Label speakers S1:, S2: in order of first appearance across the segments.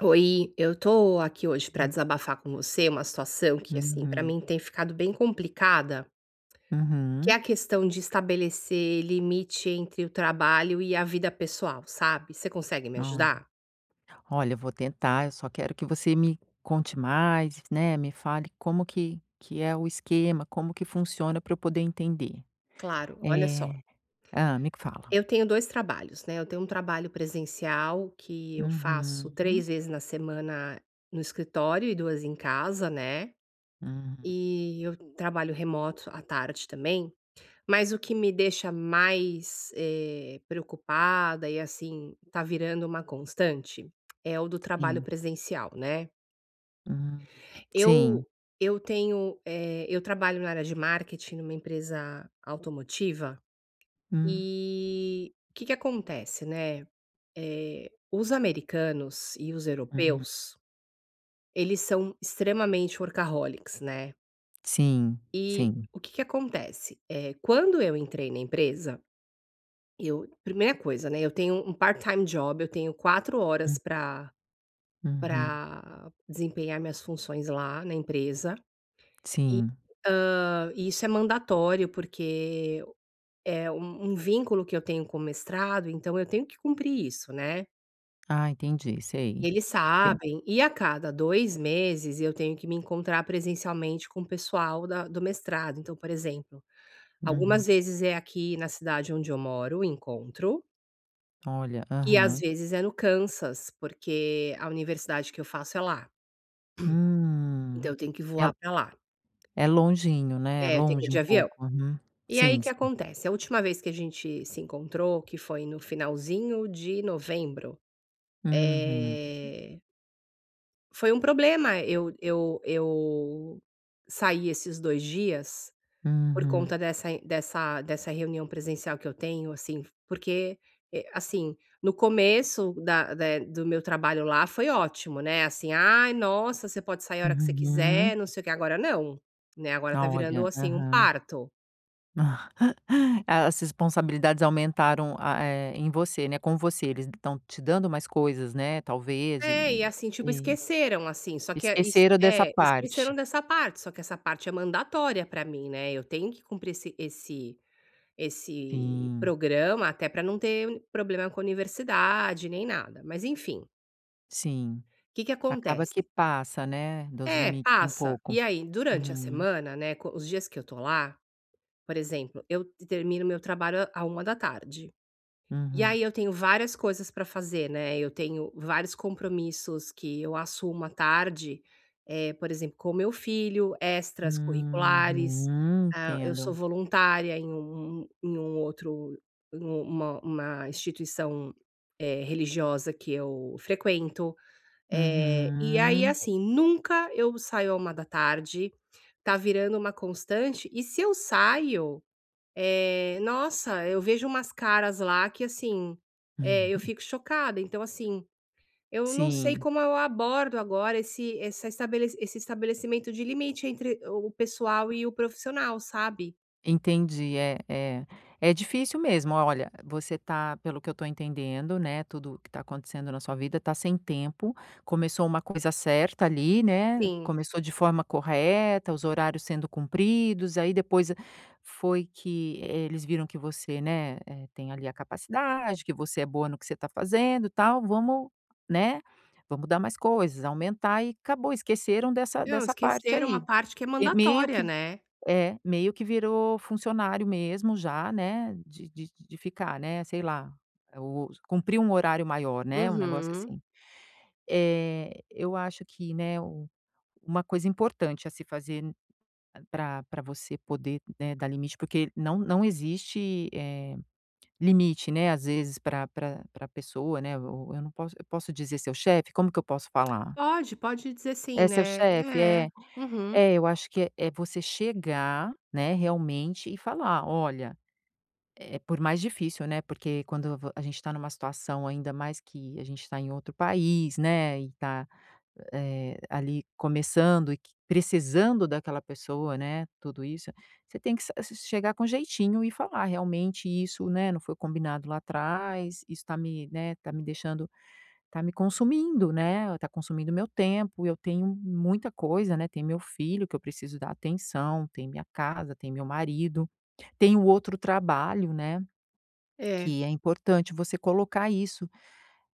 S1: Oi, eu tô aqui hoje pra
S2: Hum.
S1: desabafar com você uma situação que, assim, pra
S2: Uhum.
S1: mim tem ficado bem complicada que é
S2: Uhum.
S1: a questão de estabelecer limite entre o trabalho e a vida pessoal, sabe. Você consegue me
S2: Olha.
S1: ajudar?
S2: Olha, eu vou tentar, eu só quero que você me conte mais, né, me fale como que que é o esquema, como que funciona pra eu poder entender.
S1: Claro, olha só,
S2: Eh hã, me fala.
S1: eu tenho 2 trabalhos, né. Eu tenho um trabalho presencial que eu faço
S2: Uhum.
S1: 3 vezes na semana no escritório, e 2 em casa, né,
S2: Hum.
S1: e eu trabalho remoto à tarde também. Mas o que me deixa mais, eh, preocupada e, assim, tá virando uma constante é o do trabalho
S2: Sim.
S1: presencial, né.
S2: Hum, sim.
S1: Eu eu tenho eh, eu trabalho na área de marketing numa empresa automotiva
S2: Hum.
S1: e o que que acontece, né, eh, os americanos e os
S2: Uhum.
S1: europeus, eles são extremamente workaholics né.
S2: Sim,
S1: E
S2: sim.
S1: o que que acontece, eh, quando eu entrei na empresa, eu primeira coisa, né, eu tenho um part-time job, eu tenho 4 horas
S2: Hum.
S1: pra
S2: Uhum.
S1: pra desempenhar minhas funções lá na empresa e,
S2: Sim.
S1: hã, isso é mandatório, porque é um um vínculo que eu tenho com o mestrado, então eu tenho que cumprir isso, né.
S2: Ah, entendi.
S1: E
S2: Sei.
S1: eles
S2: Tem
S1: sabem e a cada 2 meses eu tenho que me encontrar presencialmente com o pessoal da do mestrado. Então, por exemplo,
S2: Uhum.
S1: algumas vezes é aqui na cidade onde eu moro o encontro
S2: Olha.
S1: e às
S2: Aham.
S1: vezes é no Kansas, porque a universidade que eu faço é lá.
S2: Hum,
S1: Então eu tenho que
S2: el
S1: voar pra lá.
S2: é longinho, né, é
S1: É, eu tenho que ir
S2: longe
S1: de
S2: um
S1: avião.
S2: pouco. Uhum.
S1: E aí o
S2: Sim,
S1: que
S2: sim.
S1: acontece? A última vez que a gente se encontrou, que foi no finalzinho de novembro,
S2: Uhum.
S1: eh foi um problema eu eu eu sair esses 2 dias por
S2: Uhum.
S1: conta dessa dessa dessa reunião presencial que eu tenho, assim, porque e assim, no começo da de do meu trabalho lá foi ótimo, né, assim: "Ai, nossa, você pode sair a hora que você
S2: Uhum.
S1: quiser, não sei o quê", agora não, né, agora tá virando,
S2: Olha,
S1: assim, um
S2: aham.
S1: parto.
S2: As responsabilidades aumentaram, a eh, em você, né, com você, eles estão te dando mais coisas, né, talvez
S1: É, e,
S2: e
S1: assim, tipo,
S2: e
S1: esqueceram, assim, só
S2: e
S1: que é isso
S2: esqueceram dessa
S1: É,
S2: parte.
S1: esqueceram dessa parte. Só que essa parte é mandatória pra mim, né, eu tenho que cumprir esse esse esse
S2: Sim.
S1: programa, até pra não ter problema com a universidade nem nada, mas enfim.
S2: Sim.
S1: Que que
S2: Acaba que
S1: acontece
S2: passa, né, dos
S1: É,
S2: limites um
S1: passa.
S2: pouco.
S1: E aí durante a
S2: Uhum.
S1: semana, né, co os dias que eu tô lá, por exemplo, eu t termino o meu trabalho à à 13h, e
S2: Uhum.
S1: aí eu tenho várias coisas pra fazer, né, eu tenho vários compromissos que eu assumo à tarde, eh, por exemplo, com o meu filho, extracurriculares.
S2: Uhum,
S1: Ah, eu sou
S2: entendo.
S1: voluntária em um um em um outro um uma uma instituição, eh, religiosa que eu frequento, eh, e aí,
S2: Uhum.
S1: assim, nunca eu saio à 13h, tá virando uma constante, e se eu saio, eh, nossa, eu vejo umas caras lá que, assim, eh, eu fico chocada, então assim, eu não sei
S2: Sim.
S1: como eu abordo agora esse essa estabelece esse estabelecimento de limite entre o pessoal e o profissional, sabe.
S2: Entendi. É, é, é difícil mesmo. O olha, você tá pelo que eu tô entendendo, né, tudo o que tá acontecendo na sua vida, tá sem tempo, começou uma coisa certa ali, né,
S1: Sim.
S2: começou de forma correta, os horários sendo cumpridos, aí depois foi que, eh, eles viram que você, né, eh, tem ali a capacidade, que você é boa no que você tá fazendo, tal, "Vamos, né, vamos dar mais coisas, aumentar", e acabou, esqueceram dessa
S1: Não,
S2: dessa parte
S1: esqueceram uma
S2: aí.
S1: parte que é
S2: Eh, meio
S1: mandatória,
S2: que
S1: né.
S2: é, meio que virou funcionário mesmo já, né, de de de ficar, né, sei lá, eh, o cumprir um horário maior, né, um negócio
S1: Uhum.
S2: assim. Eh, eu acho que, né, u uma coisa importante a se fazer n pra pra você poder, né, dar limite porque não não existe, eh, limite, né, às vezes pra pra pra pessoa, né, ou eu não posso eu posso dizer seu chefe? Como que eu posso falar?
S1: Pode, pode dizer sim,
S2: É seu chefe?
S1: né. É.
S2: É.
S1: Uhum.
S2: É, eu acho que é é você chegar, né, realmente, e falar: "Olha" Eh eh, por mais difícil, né, porque quando vo a gente tá numa situação, ainda mais que a gente tá em outro país, né, e tá, eh, ali começando e que precisando daquela pessoa, né, tudo isso, você tem que sa s chegar com jeitinho e falar: "Realmente isso, né, não foi combinado lá atrás. Isso tá me, né, tá me deixando tá me consumindo, né, e tá consumindo o meu tempo, e eu tenho muita coisa, né, tem meu filho que eu preciso dar atenção, tem minha casa, tem meu marido. Tenho outro trabalho", né,
S1: É.
S2: que é importante você colocar isso.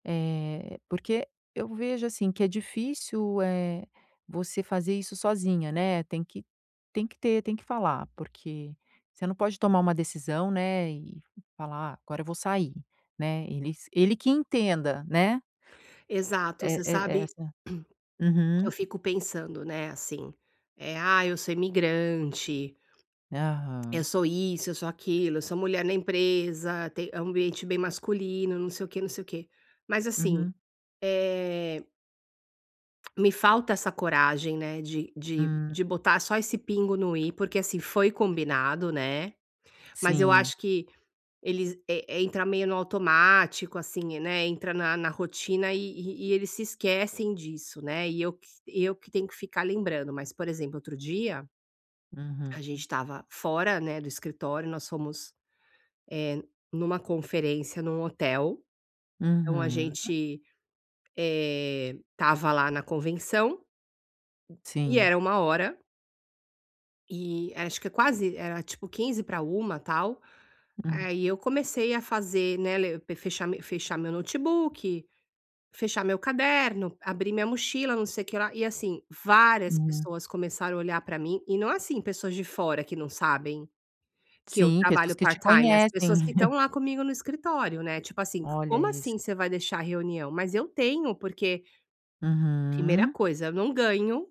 S2: Eh, porque eu vejo, assim, que é difícil, eh, você fazer isso sozinha, né, tem que tem que ter, tem que falar, porque você não pode tomar uma decisão, né, e falar: "Ah, agora eu vou sair", né, eles ele que entenda, né?
S1: Exato.
S2: E
S1: Você
S2: e
S1: sabe,
S2: exa
S1: eu
S2: uhum.
S1: fico pensando, né, assim, eh: "Ah, eu sou imigrante, eu
S2: Aham.
S1: sou isso, eu sou aquilo, eu sou mulher na empresa, tem é um ambiente bem masculino, não sei o quê, não sei o quê". Mas assim,
S2: Uhum.
S1: eh Me falta essa coragem, né, de de
S2: Hum.
S1: de botar só esse pingo no i, porque assim foi combinado, né, mas eu
S2: Sim.
S1: acho que eles, eh, entra meio no automático, assim, né, entra na na rotina e e e eles se esquecem disso, né, e eu que eu que tenho que ficar lembrando. Mas, por exemplo, outro dia
S2: Uhum.
S1: a gente estava fora, né, do escritório, nós fomos, eh, numa conferência num hotel, então a
S2: Uhum.
S1: gente, eh, estava lá na convenção, e
S2: Sim.
S1: era 13:00 e acho que é quase, era tipo 12:45, tal,
S2: Hum.
S1: aí eu comecei a fazer, né, le pe fechar me fechar meu notebook, fechar meu caderno, abrir minha mochila, não sei o que lá, e assim, várias
S2: Hum.
S1: pessoas começaram a olhar pra mim e não assim, pessoas de fora que não sabem que eu
S2: Sim, pessoas
S1: trabalho
S2: que te
S1: part-time, as
S2: conhecem.
S1: pessoas que estão lá comigo no escritório, né, tipo assim: "C
S2: Olha
S1: como
S2: isso.
S1: assim você vai deixar a reunião?". Mas eu tenho porque primeira
S2: Uhum.
S1: coisa, eu não ganho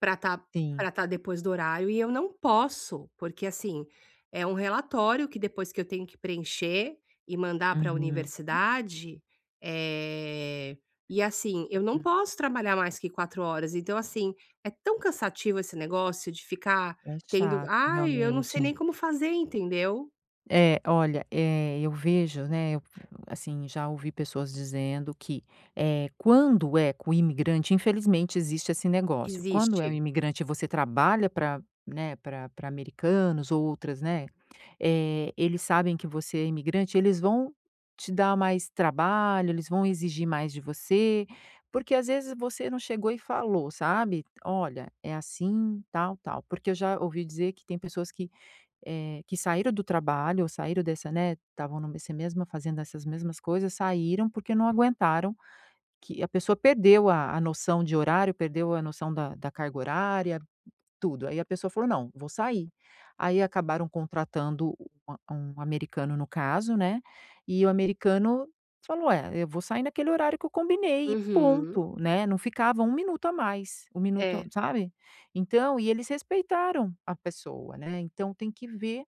S1: pra tá
S2: Sim.
S1: pra tá depois do horário e eu não posso, porque, assim, é um relatório que depois que eu tenho que preencher e mandar para a
S2: Uhum.
S1: universidade eh, e assim eu não
S2: Uhum.
S1: posso trabalhar mais que 4 horas, então, assim, é tão cansativo esse negócio de ficar
S2: É
S1: tendo
S2: chato,
S1: aí, eu não
S2: realmente.
S1: sei nem como fazer, entendeu?
S2: É, olha, eh, eu vejo, né, eu f assim, já ouvi pessoas dizendo que, eh, quando é com o imigrante, infelizmente existe esse negócio, quando é o
S1: Existe.
S2: imigrante, e você trabalha pra, né, pra pra americanos, ou outras, né, eh, eles sabem que você é imigrante, eles vão te dar mais trabalho, eles vão exigir mais de você porque, às vezes, você não chegou e falou, sabe: "Olha, é assim, tal tal". Porque eu já ouvi dizer que tem pessoas que, eh, que saíram do trabalho ou saíram dessa né, estavam no nesse mesmo, fazendo essas mesmas coisas, saíram porque não aguentaram que a pessoa perdeu a a noção de horário, perdeu a noção da da carga horária,, tudo aí a pessoa falou: "Não vou sair". Aí acabaram contratando u um americano no caso, né, e o americano falou é: "Eu vou sair naquele horário que eu combinei e
S1: Uhum.
S2: ponto", né. Não ficava 1 minuto a mais, 1 minuto
S1: É
S2: sabe, então e eles respeitaram a pessoa, né. Então tem que ver,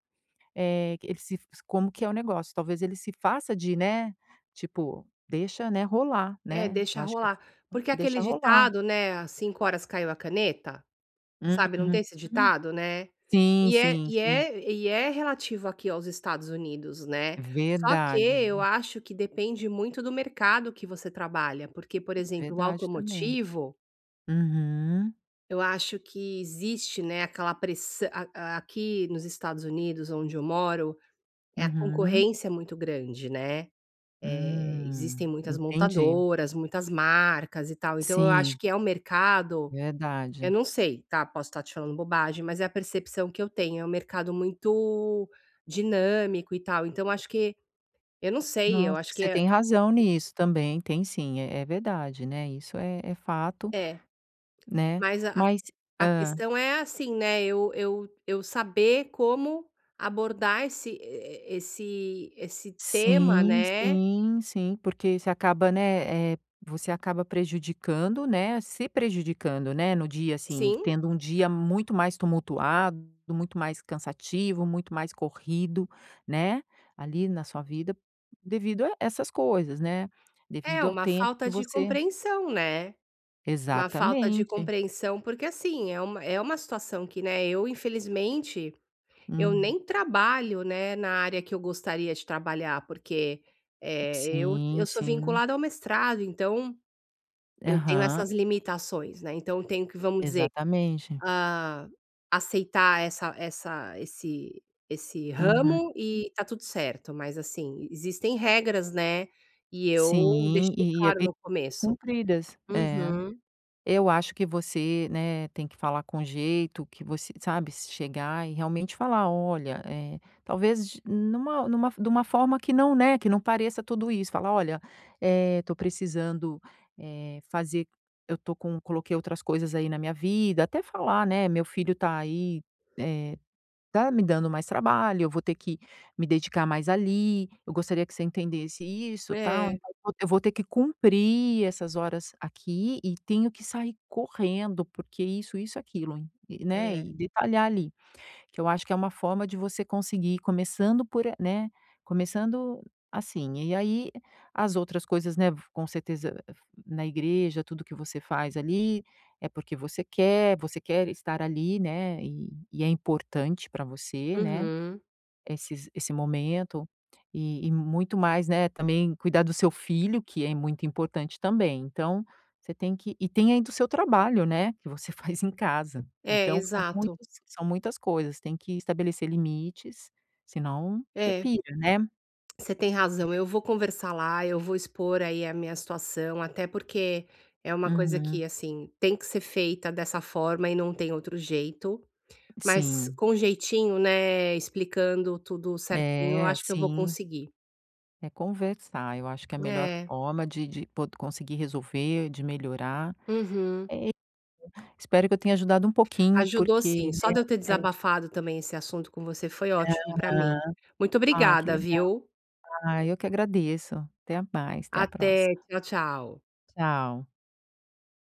S2: eh, eles se como que é o negócio. Talvez ele se faça de, né, tipo deixa, né, rolar,
S1: É,
S2: né,
S1: deixa
S2: eu acho que eu
S1: rolar
S2: [unintelligible]
S1: porque
S2: deixa
S1: aquele
S2: rolar.
S1: ditado, né: "Às cinco horas caiu a caneta", sabe, não
S2: Uhum,
S1: tem esse
S2: hum,
S1: ditado, né?
S2: sim,
S1: E é
S2: sim,
S1: e
S2: sim.
S1: é e é relativo aqui aos Estados Unidos, né. Só que eu
S2: Verdade.
S1: acho que depende muito do mercado que você trabalha, porque, por exemplo, o
S2: Verdade também,
S1: automotivo
S2: uhum.
S1: Eu acho que existe, né, aquela pressã a a aqui nos Estados Unidos, onde eu moro, eh, a
S2: Uhum.
S1: concorrência é muito grande, né, eh, existem
S2: Hum,
S1: muitas
S2: entendi.
S1: montadoras, muitas marcas e tal, então eu acho
S2: Sim.
S1: que é um mercado eu
S2: Verdade.
S1: não sei, tá, posso estar te falando bobagem, mas é a percepção que eu tenho, é um mercado muito dinâmico e tal, então eu acho que eu não sei, eu
S2: Nossa, acho que
S1: acho que
S2: você
S1: é
S2: tem razão nisso também, tem sim, é é verdade, né, isso é é fato,
S1: É.
S2: né,
S1: Mas a a q
S2: mas
S1: a
S2: hã.
S1: questão é assim, né, eu eu eu saber como abordar esse e e esse esse tema,
S2: Sim,
S1: né.
S2: sim, sim, porque você acaba, né, eh, você acaba prejudicando, né, se prejudicando, né, no dia, assim,
S1: Sim.
S2: tendo um dia muito mais tumultuado, muito mais cansativo, muito mais corrido, né, ali, na sua vida, devido a essas coisas, né,
S1: É,
S2: devido ao
S1: uma
S2: tempo que
S1: falta de
S2: você
S1: compreensão, né. Uma falta de
S2: Exatamente.
S1: compreensão, porque assim, é uma é uma situação que, né, eu, infelizmente, eu
S2: Uhum.
S1: nem trabalho, né, na área que eu gostaria de trabalhar, porque, eh, eu
S2: Sim,
S1: eu sou
S2: sim.
S1: vinculada ao mestrado, então eu tenho
S2: Aham.
S1: essas limitações, né, então eu tenho que, vamos dizer,
S2: Exatamente.
S1: ah, aceitar essa essa esse esse
S2: Uhum.
S1: ramo e está tudo certo, mas assim, existem regras, né, e eu
S2: Sim,
S1: deixei
S2: e é
S1: claro
S2: be
S1: no
S2: ser
S1: começo.
S2: cumpridas. É.
S1: Uhum.
S2: Eu acho que você, né, tem que falar com jeito que você sabe, se chegar e realmente falar: "Olha" Eh, talvez de numa numa de uma forma que não, né, que não pareça tudo isso falar: "Olha, eh, estou precisando, eh, fazer eu estou com coloquei outras coisas, aí, na minha vida", até falar, né: "Meu filho está aí, eh, está me dando mais trabalho, eu vou ter que me dedicar mais ali, eu gostaria que você entendesse isso, tal,
S1: É.
S2: então eu vou eu vou ter que cumprir essas horas aqui e tenho que sair correndo, porque isso, isso, aquilo e e" né,
S1: É.
S2: e detalhar ali, que eu acho que é uma forma de você conseguir começando por a né, começando, assim, e aí as outras coisas, né, v com certeza na igreja, tudo o que você faz ali, é porque você quer, você quer estar ali, né, e e é importante para você, né,
S1: Uhum.
S2: esses esse momento e e muito mais, né, também cuidar do seu filho, que é muito importante também, então você tem que e tem ainda o seu trabalho, né, que você faz em casa,
S1: É,
S2: então são
S1: exato.
S2: muitos são muitas coisas, tem que estabelecer limites, se não você
S1: É.
S2: pira, né.
S1: Você tem razão, eu vou
S2: [unintelligible]
S1: conversar lá, eu vou expor, aí, a minha situação, até porque é uma coisa que,
S2: Uhum.
S1: assim, tem que ser feita dessa forma e não tem outro jeito. Mas
S2: Sim.
S1: com jeitinho, né, explicando tudo certinho, eu
S2: É,
S1: acho que eu vou
S2: sim.
S1: conseguir.
S2: É conversar, eu acho que é a melhor
S1: É.
S2: forma de de pod conseguir resolver, de melhorar. É
S1: Uhum.
S2: [unintelligible] espero que eu tenha ajudado um pouquinho,
S1: Ajudou
S2: porque,
S1: sim, só
S2: né,
S1: de eu ter
S2: é.
S1: desabafado também esse assunto com você, foi ótimo para mim.
S2: Aham.
S1: Muito
S2: Ah, que
S1: obrigada,
S2: legal.
S1: viu.
S2: Ah, eu que agradeço. Até mais, até a
S1: Até,
S2: próxima.
S1: tchau, tchau.
S2: Tchau.